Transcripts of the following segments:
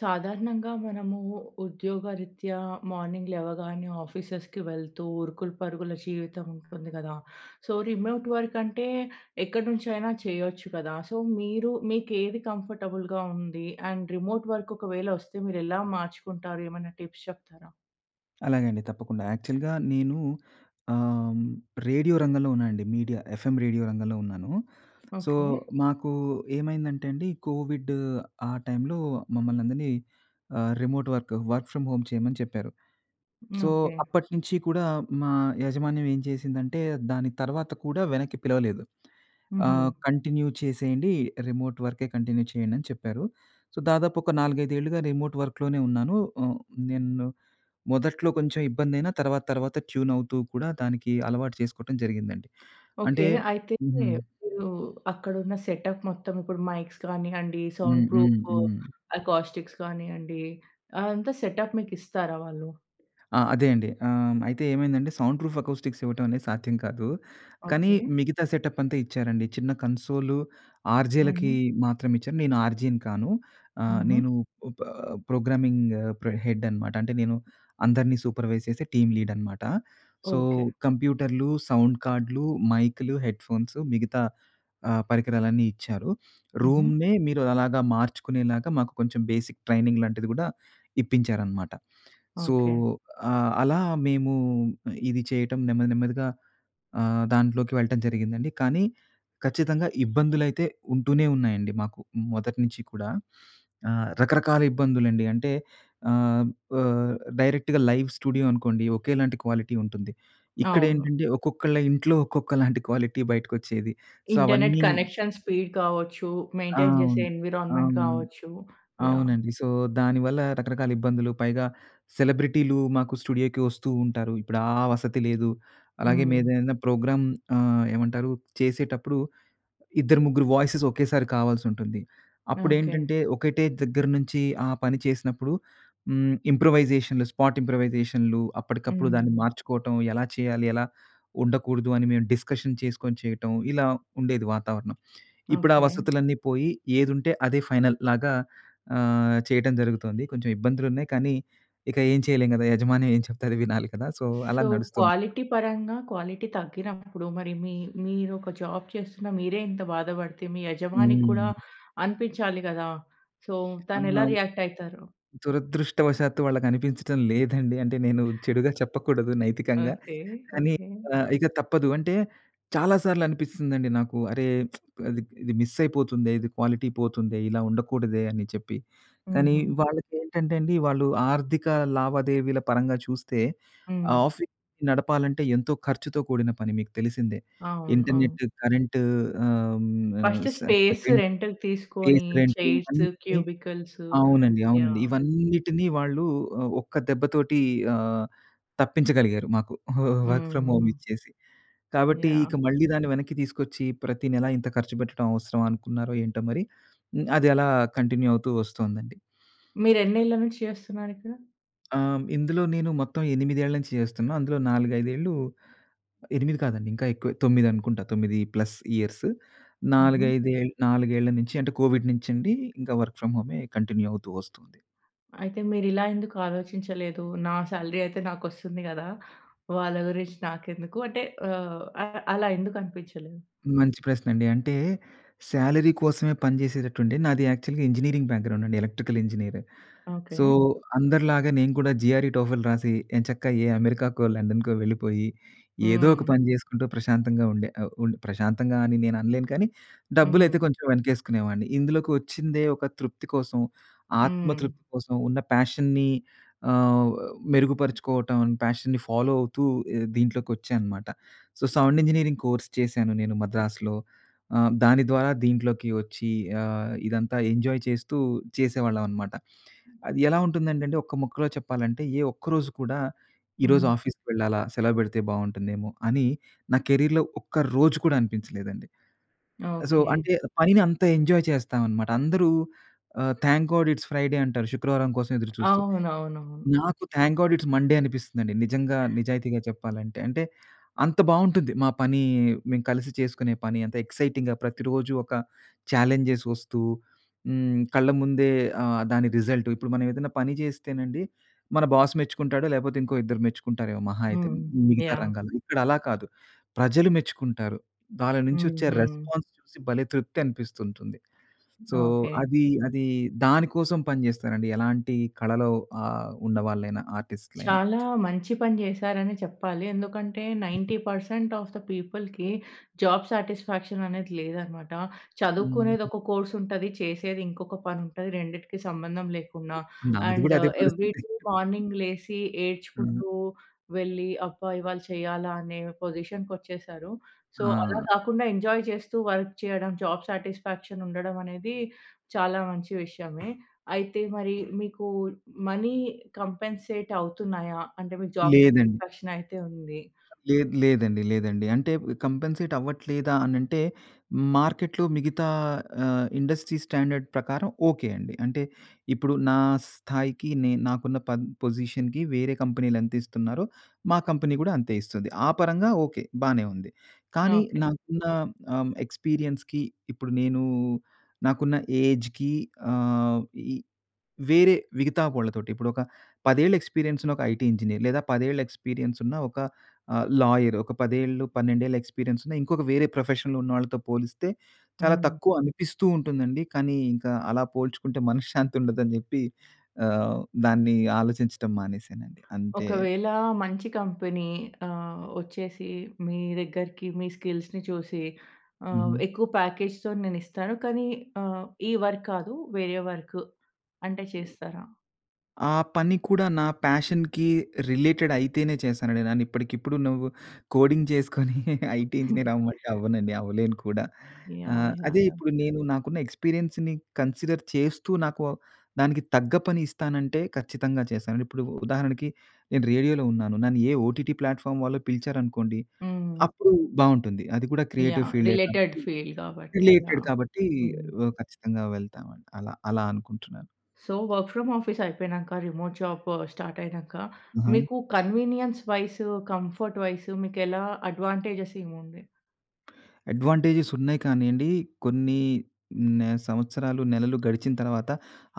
సాధారణంగా మనము ఉద్యోగరీత్యా మార్నింగ్ లేవగానే ఆఫీసెస్‌‌కి వెళ్తూ ఉరుకులు, పరుగుల జీవితం ఉంటుంది గదా! సో, రిమోట్ వర్క్ అంటే ఎక్కడినుంచైనా చేయొచ్చు కదా! సో మీరు మీకేది కంఫర్టబుల్‌గా ఉంది, అండ్ రిమోట్ వర్క్ ఒకవేళ వస్తే మీరు ఎలా మార్చుకుంటారు? ఏమైనా టిప్స్ చెప్తారా? అలాగే అండి తప్పకుండా. యాక్చువల్‌గా నేను ఆహ్, రేడియో రంగంలో ఉన్నానండి, మీడియా ఎఫ్ఎం రేడియో రంగంలో ఉన్నాను. So, okay. మాకు ఏమైందంటే అండి కోవిడ్ ఆ టైంలో మమ్మల్నందరిని ఆహ్, remote work, work from home చేయమని చెప్పారు. So, okay. అప్పటినుంచి కూడా మా యాజమాన్యం ఏం చేసిందంటే, దాని తర్వాత కూడా వెనక్కి పిలవలేదు. ఆ! హుహు. కంటిన్యూ చేసేయండి రిమోట్ వర్కెే కంటిన్యూ చేయండి అని చెప్పారు. సో దాదాపు ఒక 4, 5 ఏళ్లుగా రిమోట్ వర్క్‌లోనే ఉన్నాను. ఆహ్, నేను మొదట్లో కొంచెం ఇబ్బంది అయినా తర్వాత తర్వాత ట్యూన్ అవుతూ కూడా దానికి అలవాటు చేసుకోవటం జరిగిందండి. అంటే ఓకె. అయితే హుహు. మీరు అక్కడ ఉన్న సెటప్ మొత్తం ఇప్పుడు మైక్స్ కానియండి, సౌండ్ హ్మ్. హ్మ్. ప్రూఫ్ హ్మ్. అకాస్టిక్స్ గానియండి, ఆదంతా సెటప్ మీకు ఇస్తారా వాళ్ళు? ఆ! అదే అండి. ఆ! అయితే ఏమైందంటే సౌండ్ ప్రూఫ్ అకౌ‌‌‌స్టిక్స్ ఇవ్వటం అనేది సాధ్యం కాదు. కానీ ఓకె. మిగతా సెటప్ అంతా ఇచ్చారండి, చిన్న కన్సోల్ ఆర్జే‌‌లకి హుహు. మాత్రం ఇచ్చారు. నేను ఆర్జే‌‌ని కాను. ఆహ్, హుహు. నేను ఓప ప్రోగ్రామింగ్ ప్ర హెడ్ అనమాట. అంటే నేను అందరిని సూపర్వైస్ చేసే టీమ్ లీడ్ అనమాట. So okay. కంప్యూటర్లు, సౌండ్ కార్డులు, మైక్‌లు, హెడ్‌ఫోన్స్ మిగతా ఆ పరికరాలన్నీ ఇచ్చారు. హుహు. రూమ్‌‌నే మీరు అలాగా మార్చుకునేలాగా, మాకు కొంచెం బేసిక్ ట్రైనింగ్ లాంటిది గూడా ఇప్పించారన్నమాట. So okay. ఆహ్, అలా మేము, ఇది చేయటం నెమ్మది నెమ్మదిగా ఆహ్, దాంట్లోకి వెళ్ళటం జరిగిందండి. కానీ ఖచ్చితంగా ఇబ్బందులైతే ఉంటూనే ఉన్నాయండి మాకు మొదటి నుంచి కూడా. ఆహ్, రకరకాల ఇబ్బందులండి అంటే ఆహ్, ప డైరెక్ట్‌గా లైవ్ స్టూడియో అనుకోండి ఒకేలాంటి క్వాలిటీ ఉంటుంది. ఇక్కడ అవును. ఏంటంటే ఒక్కొక్కళ్ళ ఇంట్లో ఒక్కొక్కలాంటి క్వాలిటీ బయటకి వచ్చేది. సో ఇంటర్నెట్ అవన్నీను కనెక్ష‌న్, స్పీడ్ కావచ్చు. ఆ! మెయింటైన్ చేసే అవును. ఎన్విరాన్మెంట్ అవును, కావచ్చు. యాహ్! అవునండి. సో దానివల్ల రకరకాల ఇబ్బందులు, పైగా సెలబ్రిటీలు మాకు స్టూడియోకి వస్తూ ఉంటారు. ఇప్పుడు ఆ వసతి లేదు అలాగే మేము హ్మ్. ఏదైనా ప్రోగ్రాం ఆహ్, ఏమంటారు చేసేటప్పుడు ఇద్దరు ముగ్గురు వాయిసెస్ ఒకేసారి కావాల్సి ఉంటుంది, ఓకె. అప్పుడేంటంటే ఒకటే దగ్గర నుంచి ఆ పని చేసినప్పుడు హ్మ్, ఇంప్రూవైజేషన్లు స్పాట్ ఇంప్రూవైజేషన్లు అప్పటికప్పుడు దాన్ని హ్మ్. మార్చుకోవటం. ఎలా చేయాలి? ఎలా ఉండకూడదు? అని మేము డిస్కషన్ చేసుకొని చేయటం, ఇలా ఉండేది వాతావరణం. ఇప్పుడు ఆ ఓకె. వసతులన్నీ పోయి ఏదుంటే అదే ఫైనల్ లాగా ఆహ్, చేయటం జరుగుతోంది. కొంచెం ఇబ్బందులు ఉన్నాయి, కానీ ఇక ఏం చేయలేం గదా! యజమాని ఏం చెప్తే అది వినాలి కదా! సో అలా సో, నడుస్తోంది. క్వాలిటీ పరంగా క్వాలిటీ తగ్గినప్పుడు, మరి మీ మీరొక జాబ్ చేస్తున్న మీరే ఇంత బాధ పడితే, మీ యజమాని కూడా హ్మ్. అనిపించాలి గదా! సో ఆ! తనెలా రియాక్ట్ అయి‌‌తారు? దురదృష్టవశాత్తు వాళ్ళకి అనిపించటం లేదండి. అంటే నేను చెడుగా చెప్పకూడదు నైతికంగా. ఓకె. కానీ ఓకె. ఆహ్, ఇక తప్పదు అంటే చాలా సార్లు అనిపిస్తుందండి నాకు. అరే! ఇది మిస్ అయిపోతుందే, ఇది క్వాలిటీ పోతుందే, ఇలా ఉండకూడదే అని చెప్పి. కానీ హుహు. వాళ్ళకి ఏంటంటే అండి. వాళ్ళు ఆర్థిక లావాదేవీల పరంగా చూస్తే హ్మ్. ఆఫీస్ నడపాలంటే ఎంతో ఖర్చుతో కూడిన పని మీకు తెలిసిందే. అవును. అవును. ఇంటర్నెట్, కరెంట్ ఆహ్, హ్మ్ ఆహ్, ఫస్ట్ స స్పేస్ రెంట్ రెంట్‌కి తీసుకొని ఫేస్ రెంట్ చైర్స్, ఇవన్నీ క్యూబికల్స్. అవునండి అవునండి యాహ్! ఇవన్నిటిని వాళ్ళు ఒక్క దెబ్బతోటి ఆహ్, తప్పించగలిగారు మాకు వర్క్ ఫ్రామ్ హోమ్ హ్మ్. ఇచ్చేసి. కాబట్టి ఇక యాహ్! మళ్ళీ దాన్ని వెనక్కి తీసుకొచ్చి ప్రతి నెల ఇంత ఖర్చు పెట్టడం అవసరమా అనుకున్నారో ఏంటో మరి, అది ఎలా కంటిన్యూ అవుతూ వస్తుందండి. మీరు ఎన్నేళ్ల నుంచి చేస్తున్నారు ఇక్కడ? ఆహ్, ఇందులో నేను మొత్తం 8 ఏళ్లు నుంచి చేస్తున్నా. అందులో 4, 5 ఏళ్ళు 8 కాదండి ఇంకా ఎక్కువే, 9 అనుకుంటా. 9 ప్లస్ ఇయర్సు. ఉహూ. 4, 5 ఏ 4 నుంచి అంటే, కోవిడ్ నుంచి అండి, ఇంకా వర్క్ ఫ్రమ్ హోమే కంటిన్యూ అవుతూ వస్తుంది. అయితే, మీరు ఇలా ఎందుకు ఆలోచించలేదు? నా సాలరీ అయితే నాకొస్తుంది కదా! వాళ్ళ గురించి నాకెందుకు అంటే, ఆహ్, ఆహ్, అలా ఎందుకనిపించలేదు? మంచి ప్రశ్న అండి. అంటే, శాలరీ కోసమే పని చేసేటట్టుంటే, నాది యాక్చువల్‌గా నాది ఇంజినీరింగ్ బ్యాక్‌గ్రౌండ్ అండి. Electrical engineer. So, okay. అందరిలాగా నేను కూడా జీఆర్ఈ, టోఫెల్ రాసి, ఎంచక్కా ఏ అమెరికాకో, లండన్‌‌కో వెళ్ళిపోయి ఏదో ఒక హ్మ్. పని చేసుకుంటూ ప్రశాంతంగా ఉండే. ఆహ్, ఉం ప్రశాంతంగా అని నేను అనలేను కానీ, హ్మ్. డబ్బులైతే కొంచెం వెనకేసుకునేవాడిని. ఇందులోకి వచ్చిందే ఒక తృప్తి కోసం, ఆత్మ హ్మ్. తృప్తి కోసం ఉన్న పాషన్‌ని ఆహ్, మెరుగుపరుచుకోవటం, పాషన్‌ని ఫాలో అవుతూ ఇ దీంట్లోకొచ్చా అన్నమాట. సో, సౌండ్ ఇంజినీరింగ్ కోర్స్ చేశాను నేను మద్రాసులో. ఆహ్, దాని ద్వారా దీంట్లోకి వచ్చి ఆహ్, ఇదంతా ఎంజాయ్ చేస్తూ చేసేవాళ్ళం అన్నమాట. అది ఎలా ఉంటుందంటేండి ఒక్క ముక్కలో చెప్పాలంటే, ఏ ఒక్క రోజు కూడా, ఈరోజు హ్మ్. ఆఫీస్‌కి వెళ్ళాలా, సెలవు పెడితే బాగుంటుందేమో! అని నా కెరియర్‌లో ఒక్క రోజు కూడా అనిపించలేదండి. So, okay. అంటే, పనిని అంత ఎంజాయ్ చేస్తాం అన్నమాట. అందరూ ఆహ్, థాంక్ గాడ్, ఇట్స్ ఫ్రైడే అంటారు. శుక్రవారం కోసం ఎదురు చూస్తూ. అవునవును. నాకు థాంక్ గాడ్ ఇట్స్ మండే అనిపిస్తుందండి. నిజంగా నిజాయితీగా చెప్పాలంటే. అంటే, అంత బాగుంటుంది మా పని, మేము కలిసి చేసుకునే పని అంత ఎక్సైటింగ్‌గా ప్రతిరోజు ఒక చాలెంజ్స్ వస్తూ హ్మ్, కళ్ళ ముందే ఆహ్, దాని రిజల్ట్ ఇప్పుడు మనం ఏదైనా పని చేస్తేనండి. మన బాస్ మెచ్చుకుంటాడు, లేకపోతే ఇంకో ఇద్దరు మెచ్చుకుంటారేమో మహా అయితే హ్మ్. మిగతా యాహ్! రంగాలలో. ఇక్కడలా కాదు ప్రజలు మెచ్చుకుంటారు. వాళ్ళ నుంచి వచ్చే ఉహూ. రెస్పాన్స్ చూసి భలే తృప్తి అనిపిస్తూ ఉంటుంది. So, okay. అది, అది దాని కోసం పని చేస్తారండి. ఎలాంటి కళలో ఆహ్, ఉన్నవాళ్లైనా ఆర్టిస్ట్‌లైన. చాలా మంచి పని చేసారని చెప్పాలి. ఎందుకంటే, 90 పర్సెంట్ ఆఫ్ ది పీపుల్‌కి జాబ్ సాటిస్ఫాక్షన్ అనేది లేదన్నమాట. చదువుకునేది ఉహూ. ఒక కోర్స్ ఉంటది, చేసేది ఇంకొక పని ఉంటది. రెండిటికి సంబంధం లేకుండా. నాది కూడా అండ్ అదే ఏవ్రీ పరిస్థితి. డే మార్నింగ్ లేసి హ్మ్. ఏడ్చుకుంటూ వెళ్లి, అబ్బా! ఇవాళ చేయాలా! అనే పొజిషన్‌కొచ్చేసారు. సొ, అలా ఆ! కాకుండా ఎంజాయ్ చేస్తూ వర్క్ చేయడం జాబ్ సాటిస్‌ఫాక్షన్ ఉండడం అనేది చాలా మంచి విషయమే. అయితే మరి మీకు, మనీ కాంపెన్‌సేట్ అవుతున్నాయా? అంటే, మీకు జాబ్ లేదండి. సాటిస్ఫాక్షన్ అయితే ఉంది. లేదు లేదండి. లేదండి. అంటే, కాంపెన్సేట్ అవ్వట్లేదా అని అంటే, మార్కెట్‌లో మిగతా ఆహ్, ఇండస్ట్రీ స్టాండర్డ్ ప్రకారం ఓకే అండి. అంటే ఇప్పుడు నా స్థాయికి నే నాకున్న ప పొజిషన్‌కి వేరే కంపెనీలు ఎంత ఇస్తున్నారో, మా కంపెనీ కూడా అంతే ఇస్తది. ఆ పరంగా ఓకే బానే ఉంది. కానీ ఓకే. నాకున్న ఆహ్, ఎక్స్పీరియన్స్‌కి ఇప్పుడు నేను నాకున్న ఏజ్‌కి ఆహ్, ఈ వేరే మిగతా వాళ్ళతోటి ఇప్పుడు ఒక, 10 ఏళ్ల ఎక్స్పీరియన్స్ ఉన్న ఒక ఐటీ ఇంజినీర్. లేదా, 10 ఏళ్ల ఎక్స్పీరియన్స్ ఉన్న ఆహ్, ఒక లాయర్, ఒక 10 ఏళ్ళు 12 ఏళ్ల ఎక్స్పీరియన్స్ ఉన్న ఇంకొక వేరే ప్రొఫెషన్‌లో ఉన్నవాళ్ళతో పోలిస్తే, చాలా హ్మ్. తక్కువ అనిపిస్తూ ఉంటుందండి. కానీ, ఇంకా అలా పోల్చుకుంటే మనశ్శాంతి ఉండదు అని చెప్పి ఆహ్, దాన్ని ఆలోచించడం మానేశానండి అంతే. ఒకవేళ మంచి కంపెనీ ఆహ్, వచ్చేసి మీ దగ్గరికి మీ స్కిల్స్‌ని చూసి ఉహూ. ఆహ్, ఎక్కువ ప్యాకేజ్‌తో నేనిస్తాను. కానీ ఆహ్, ఈ వర్క్ కాదు వేరే వర్కు అంటే చేస్తారా? ఆ పని కూడా నా పాషన్‌కి రిలేటెడ్ అయితేనే చేశానండి. నేను ఇప్పటికిప్పుడు నువ్వు కోడింగ్ చేసుకొని ఐటీ ఇంజినీర్ అవ్వమంటే అవ్వనండి, అవ్వలేను కూడా. యాహ్! ఆహ్, యాహ్! అదే యాహ్! ఇప్పుడు నేను, నాకున్న ఎక్స్పీరియన్స్‌ని కన్సిడర్ చేస్తూ, నాకు దానికి తగ్గ పని ఇస్తానంటే ఖచ్చితంగా చేస్తాను. ఇప్పుడు ఉదాహరణకి, నేను రేడియోలో ఉన్నాను. నన్ను ఏ ఓటీటీ ప్లాట్‌ఫార్మ్ వాళ్ళు పిలిచారనుకోండి, హ్మ్. అప్పుడు బాగుంటుంది. అది కూడా క్రియేటివ్ యాహ్! ఫీల్డే రిలేటెడ్ కాబట్టి, ఫీల్డ్ కాబట్టి. Related yeah! కాబట్టి హ్మ్. వ ఖచ్చితంగా వెళ్తామండి అలా, అలా అనుకుంటున్నాను. సో, వర్క్ ఫ్రమ్ ఆఫీస్ అయిపోయినాక. రిమోట్ జాబ్ స్టార్ట్ అయినాక, ఆహా! మీకు కన్వినియన్స్ వైస్, కంఫర్ట్ వైస్ మీకు ఎలా అడ్వెంటేజెస్ ఏముంది? అడ్వాంటేజెస్ ఉన్నాయి కానియండి, కొన్ని నే సంవత్సరాలు, నెలలు గడిచిన తర్వాత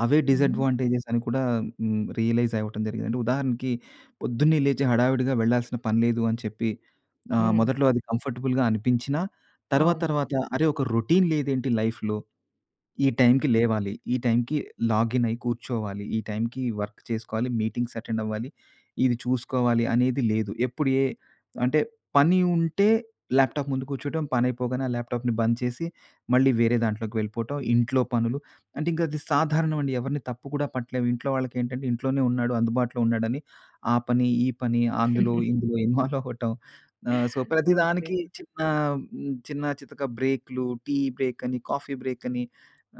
అవే హ్మ్. డిసాడ్వాంటేజెస్ అని కూడా హ్మ్, రియలైజ్ అవ్వటం జరిగిందండి. ఉదాహరణకి, పొద్దున్నే లేచి హడావిడిగా వెళ్ళాల్సిన పని లేదు అని చెప్పి ఆహ్, హ్మ్. మొదట్లో అది కంఫర్టబుల్‌గా అనిపించినా తర్వాత అవును. తర్వాత, అరే! ఒక రోటీన్ లేదేంటి లైఫ్‌లో. ఈ టైమ్‌కి లేవాలి, ఈ టైంకి లాగినై కూర్చోవాలి, ఈ టైంకి వర్క్ చేసుకోవాలి, మీటింగ్స్ అటెండ్ అవ్వాలి, ఇది చూసుకోవాలి అనేది లేదు. ఎప్పుడు ఏ అంటే పని ఉంటే ల్యాప్టాప్ ముందు కూర్చోవటం, పనైపోగానే ఆ ల్యాప్టాప్‌ని బంద్ చేసి మళ్ళీ వేరే దాంట్లోకి వెళ్ళిపోవటం. ఇంట్లో పనులు అంటే ఇంకా అది సాధారణం అండి. ఎవరిని తప్పు కూడా పట్టలేము. ఇంట్లో వాళ్ళకేంటంటే ఇంట్లోనే ఉన్నాడు, అందుబాటులో ఉన్నాడని, ఆ పని ఈ పని అందులో ఇందులో ఇన్వాల్వ్ అవ్వటం ఆహ్, సో ఓకే. ప్రతిదానికి చిన్న హ్మ్, చిన్న చితక బ్రేకులు, టీ బ్రేక్ అని, కాఫీ బ్రేక్ అని,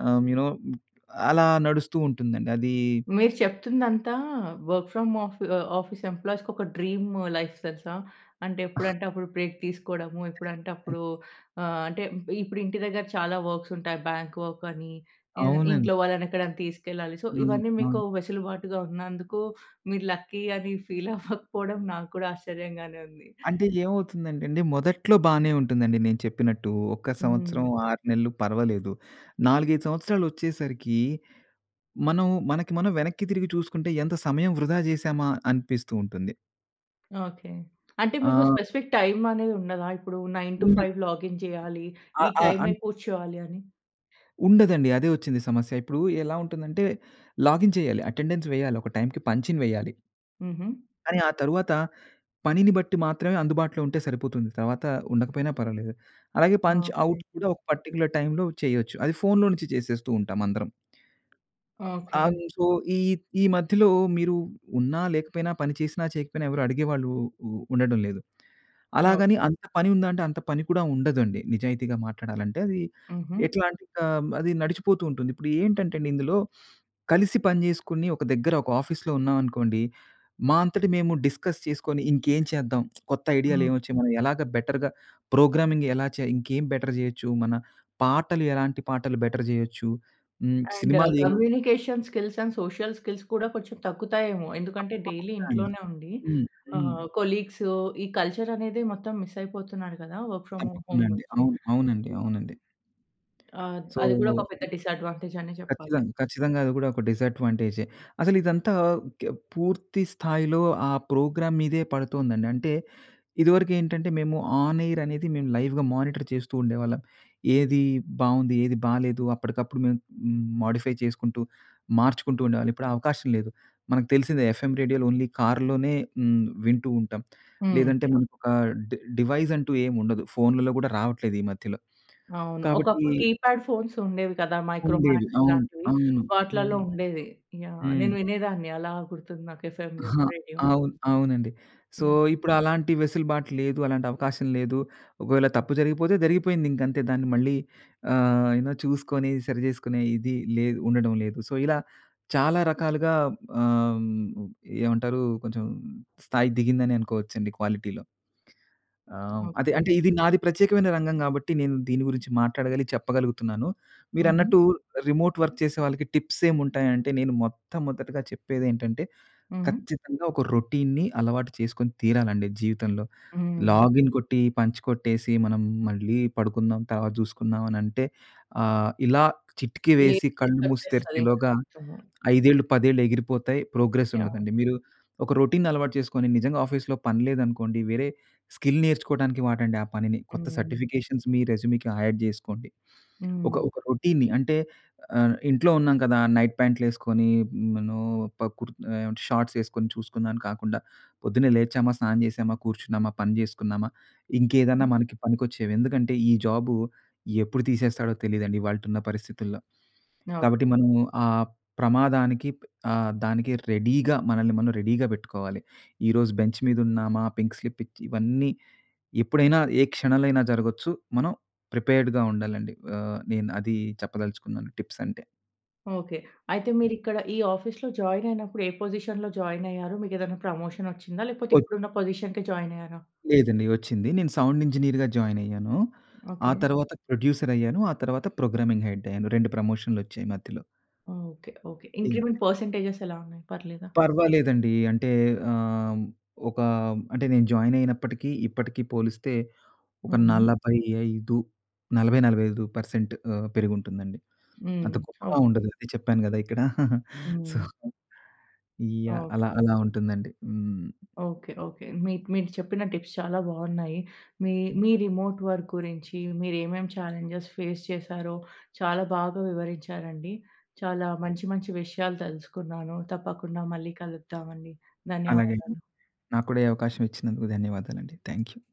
ఆ యు నో అలా నడుస్తూ ఉంటుందండి అది మీరు చెప్తుదంతా వర్క్ ఫ్రామ్ ఆఫీ ఆహ్, ఆఫీస్ ఎంప్లాయీస్‌కి ఒక డ్రీము లైఫ్ తెలుసా? అంటే ఎప్పుడంటే అప్పుడు బ్రేక్ తీసుకోవడము, ఎప్పుడంటే అప్పుడు ఆహ్, అంటే ఇప్పుడు ఇంటి దగ్గర చాలా వర్క్స్ ఉంటాయి. బాంక్ వర్క్ అని, ఆహ్, అవునండి. ఇంట్లో వాళ్ళని ఎక్కడైనా తీసుకెళ్లాలి. సో హ్మ్. ఇవన్నీ అవును. మీకు వెసులుబాటుగా ఉన్నందుకు మీరు లక్కీ అని ఫీల్ అవ్వకపోవడం నాక్కూడా ఆశ్చర్యంగానే ఉంది. అంటే ఏమవుతుందంటండి మొదట్లో బానే ఉంటుందండి. నేను చెప్పినట్టు ఒక్క సంవత్సరం, హ్మ్. 6 నెలలు పర్వాలేదు. 4, 5 సంవత్సరాలోచ్చేసరికి మనం మనకి మనం వెనక్కి తిరిగి చూసుకుంటే ఎంత సమయం వృధా చేశామా? అనిపిస్తూ ఉంటుంది. ఓకే. అంటే మీకు ఆ స్పెసిఫిక్ టైం అనేది ఉండదా? ఇప్పుడు నైన్ టూ ఉన్నాయి. ఫైవ్ లాగిన్ చేయాలి. అ ఈ అ టైమే అన్ కూర్చోవాలి అని. ఉండదండి. అదే వచ్చింది సమస్య. ఇప్పుడు ఎలా ఉంటుందంటే లాగిన్ చేయాలి. అటెండెన్స్ వేయాలి. ఒక టైంకి పంచిన్ వేయాలి. ఉహూ. కానీ, ఆ తరువాత, పనిని బట్టి మాత్రమే అందుబాటులో ఉంటే సరిపోతుంది. తరువాత ఉండకపోయినా పర్వాలేదు. అలాగే పంచ్ ఓకే. ఔట్ కూడా ఒక పర్టిక్యులర్ టైంలో చేయొచ్చు. అది ఫోన్‌లో నుంచి చేసేస్తూ ఉంటాం అందరం. ఆ! ఓకే. అయిమ్ సో ఈ ఈ మధ్యలో మీరు ఉన్న లేకపోయినా పని చేసినా చేయకపోయినా ఎవరు అడిగేవాళ్ళు ఉ ఉండటం లేదు. ఓకే. అలాగని అంత పని ఉందా అంటే, అంత పని కూడా ఉండదండి. నిజాయితీగా మాట్లాడాలంటే అది ఉహూ. ఎట్లాంటే క మ్ అది నడిచిపోతూ ఉంటుంది. ఇప్పుడు ఏంటంటేనండి ఇందులో, కలిసి పని చేసుకొని ఒక దగ్గర ఒక ఆఫీస్‌లో ఉన్నామనుకోండి, మా అంతట మేము డిస్కస్ చేసుకొని ఇంకేం చేద్దాం కొత్త ఐడియాలు హ్మ్. ఏమొచ్చాయి. మనం ఎలాగా బెటర్‌గా ప్రోగ్రామింగ్ ఎలా చేయా ఇంకేం బెటర్ చేయొచ్చు, మన పాటలు ఎలాంటి పాటలు బెటర్ చేయొచ్చు. హ్మ్. అండ్ సినిమాలు ఏమి communication skills, and social skills కూడా కొంచెం తగ్గుతాయేమో? ఎందుకంటే డైలీ తప్పకుండా అండి. ఇంట్లోనే ఉండి. హ్మ్. హ్మ్. ఆహ్, కొలీగ్సు ఈ కల్చర్ అనేది మొత్తం మిస్ అయిపోతున్నారు కదా! వర్క్ ఫ్రమ్ తప్పకుండా హోమ్ అండి. నుంచి అవును. అవునండి, యాహ్! అవునండి. ఆ! ద అది కూడా సో ఒక పెద్ద డిసాడ్వాంటేజ్ అనే చెప్పాలి. ఖచ్చితంగా, ఖచ్చితంగా. అది కూడా ఒక డిసాడ్వాంటేజే. అసలు ఇదంతా ఓకే. పూర్తి స్థాయిలో ఆ ప్రోగ్రామ్ మీదే పడుతుందండి. అంటే ఇదివరకేంటంటే మేము ఆన్ ఎయిర్ అనేది మేము లైవ్‌గా మానిటర్ చేస్తూ ఉండేవాళ్ళం. ఏది బావుంది? ఏది బాలేదు? అప్పటికప్పుడు మేము మ్ మోడిఫై చేసుకుంటూ, మార్చుకుంటూ ఉండేవాళ్ళం. ఇప్పుడు ఆ అవకాశం లేదు. మనకు తెలిసిందే ఎఫ్ ఎం రేడియోలు ఓన్లీ కార్‌లోనే హ్మ్. వింటూ ఉంటాం. హ్మ్. లేదంటే యహ్! మనకు ఒక డి డివైజ్ అంటూ ఏమి ఉండదు. ఫోనుల్లో కూడా రావట్లేదు ఈ మధ్యలో. అవును. కాబట్టి ఒకప్పుడు కీప్యాడ్ ఫోన్స్ ఉండేవి కదా! మైక్రో ఉండేది. మాక్స్ అవును, ఇట్లాంటివి అవును. వాటిలల్లో హ్మ్. ఉండేది. యహ్! హ్మ్. నేను వినేదాన్ని అలా గుర్తుంది నాకు ఎఫ్ ఎం ఆహా! రేడియో. అవును, అవునండి. So, yeah! ఇప్పుడు అలాంటి వెసులుబాటు లేదు. అలాంటి అవకాశం లేదు. ఒకవేళ తప్పు జరిగిపోతే జరిగిపోయింది. ఇంక అంతే దాన్ని మళ్ళీ ఆహ్, అయినా చూసుకొని సరిచేసుకునే ఇది లేదు, ఉండడం లేదు. సో, ఇలా చాలా రకాలుగా ఆహ్, ఏమంటారు కొంచెం స్థాయి దిగిందని అనుకోవచ్చండి క్వాలిటీ‌లో. ఆహ్, అదే ఓకే. అంటే ఇది నాది ప్రత్యేకమైన రంగం కాబట్టి నేను దీని గురించి మాట్లాడగలిగి చెప్పగలుగుతున్నాను. ఉహూ. మీరన్నట్టు రిమోట్ వర్క్ చేసే వాళ్ళకి టిప్స్ ఏమి ఉంటాయి అంటే, నేను మొట్టమొదటిగా చెప్పేదేంటంటే ఉహూ. ఖచ్చితంగా ఒక రొటీన్‌ని అలవాటు చేసుకొని తీరాలండి జీవితంలో. హ్మ్. లాగిన్ కొట్టి, పంచ్ కొట్టేసి మనం మళ్ళీ పడుకుందాం తర్వాత చూసుకుందాం అని అంటే, ఆహ్, ఇలా చిటికీ లేదు. వేసి కళ్ళు మూసి వచ్చేస్తది ఇంక తెరిచేలోగా మొత్తము. 5 ఏళ్ళు, 10 ఏళ్ళు ఎగిరిపోతాయి. Progress yeah! ఉండదండి. మీరు ఒక రొటీన్‌ని అలవాటు చేసుకొని నిజంగా ఆఫీస్‌లో పని లేదనుకోండి, వేరే స్కిల్ నేర్చుకోడానికి వాడండి ఆ పనిని. కొత్త హ్మ్. సర్టిఫికేషన్స్ మీ రెజ్యూ‌మ్‌కి యాడ్ చేసుకోండి. ఒక హ్మ్. ఒక రొటీన్‌ని అంటే ఆహ్, ఇంట్లో ఉన్నాం కదా! నైట్ ప్యాంట్లేసుకొని మనం ప క్రు ఏమ షార్ట్స్ వేసుకొని చూసుకుందామని కాకుండా పొద్దున్నే లేచామా! స్నానం చేశామా! కూర్చున్నామా! పని చేసుకున్నామా! ఇంకేదన్నా మనకి పనికొచ్చేవి. ఎందుకంటే ఈ జాబు ఎప్పుడు తీసేస్తాడో తెలీదండి. ఇవాల్టున్న పరిస్థితుల్లో. ఓహ్! కాబట్టి మనం ఆ ప్రమాదానికి ఆహ్, దానికి రెడీ‌గా మనల్ని మనం రెడీ‌గా పెట్టుకోవాలి. ఈ రోజు బెంచ్ మీద ఉన్నామా? పింక్ స్లిప్ ఇచ్చి ఇవన్నీ ఎప్పుడైనా ఏ క్షణాలైన జరగొచ్చు. మనం ప్రిపేర్డ్‌గా ఉండాలండి. ఆ! నేను అది చెప్పదలుచుకున్నాను. టిప్స్ అంటే. ఓకే. అయితే మీరిక్కడ ఈ ఆఫీస్‌లో జాయిన్ అయినప్పుడు, ఏ పొజిషన్‌లో జాయిన్ అయ్యారు. మీకేదైనా ప్రమోషన్ వచ్చిందా? లేకపోతే వద్ ఇప్పుడున్న పొజిషన్‌కే జాయినయ్యారా? లేదండి వచ్చింది. నేను సౌండ్ ఇంజినీర్‌గా జాయిన్ అయ్యాను. ఆ ఓకే. తరువాత ప్రొడ్యూసర్ అయ్యాను. ఆ తరువాత ప్రోగ్రామింగ్ హెడ్ అయ్యాను. రెండు ప్రమోషన్‌లొచ్చాయి. మధ్యలో. Okay okay. Yeah! Increment percentages ఎలా ఉన్నాయి. పర్లేదా! పర్వాలేదండి. అంటే ఆహ్, ఒక అంటే నేను జాయిన్ అయినప్పటికీ, ఇప్పటికీ పోలిస్తే ఒక హ్మ్. 45 40, 45% ఆహ్, పెరిగుంటుందండి. హ్మ్. అంత గొప్పగా ఓకె. ఉండదు. అదే చెప్పాను కదా! ఇక్కడ. సో, హ్మ్. యాహ్! ఓకే. అలా, అలా ఉంటుందండి. హ్మ్. ఓకే. ఓకే. మీ మీరు చెప్పిన టిప్స్ చాలా బాగున్నాయి. మీ మీ రిమోట్ వర్క్ గురించి మీరేమేం చాలెంజస్ ఫేస్ చేసారో, చాలా బాగా వివరించారండి. చాలా మంచి, మంచి విషయాలు తెలుసుకున్నాను. తప్పకుండా మళ్ళీ కలుద్దాం అండి. అలాగేయి, ధన్యవాదాలు. నాకు కూడా ఈ అవకాశం ఇచ్చినందుకు ధన్యవాదాలండి. Thank you.